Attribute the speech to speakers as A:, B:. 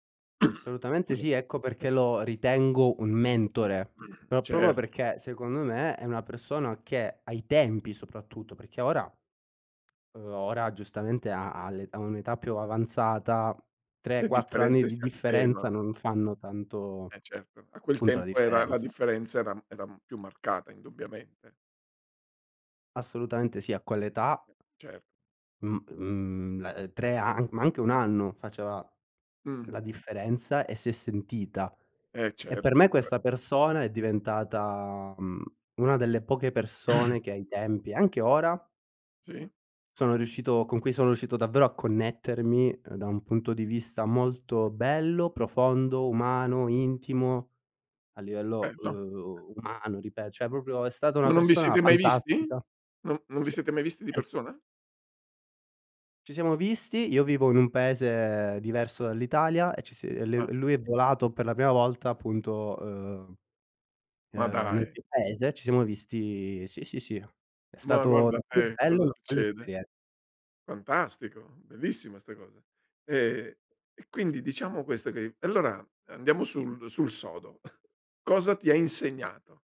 A: Assolutamente
B: Scusa.
A: sì, ecco
B: [unintelligible]
A: perché lo ritengo un mentore. Pro proprio
B: Cer
A: perché, secondo me, è una persona che, ai tempi, soprattutto, perché ora, uhm, ora, giustamente, ha ha l'età ha un'età più ava avanzata, tre,
B: Le
A: quattro anni
B: differenze
A: di
B: si
A: differenza
B: attenuano.
A: non fanno tanto
B: Eh, certo, a quel
A: punto la
B: tempo era la
A: differenza.
B: differenza era era più marcata, indubbiamente.
A: Assolutamente sì, a quell'età
B: Cert
A: mhmm mhmm, uhm, eh, 3 an ma anche 1 anno faceva
B: Mh.
A: la differenza, e si è sentita.
B: Eh
A: E
B: cert
A: per me, questa
B: [unintelligible]
A: persona è diventata, uhm, una delle poche persone che ai tempi, anche ora
B: Sì.
A: sono riuscito con cui sono uscito davvero a connettermi, uhm, da un punto di vista molto bello, profondo, umano, intimo a livello
B: Bello.
A: uhm, umano ripet cioè proprio è stata una
B: Ma non vi
A: persona
B: siete mai visti?
A: fantastica
B: Non non vi
A: Sì,
B: siete mai visti di
A: [unintelligible]
B: persona?
A: Ci siamo visti, io vivo in un paese diverso dall'Italia, e ci si e li
B: Ah.
A: lui è volato per la prima volta appunto, uhm, ehm
B: Ma
A: nel
B: dai!
A: mio paese, ci siamo visti Sì, sì, sì, è
B: Ma
A: stato
B: guarda
A: davvero
B: te,
A: bello,
B: cosa
A: una bella
B: succede.
A: esperien
B: Fantastico, bellissima sta cosa. Ehm e quindi, diciamo questo, che allora andiamo sul sul sodo. Cosa ti ha insegnato?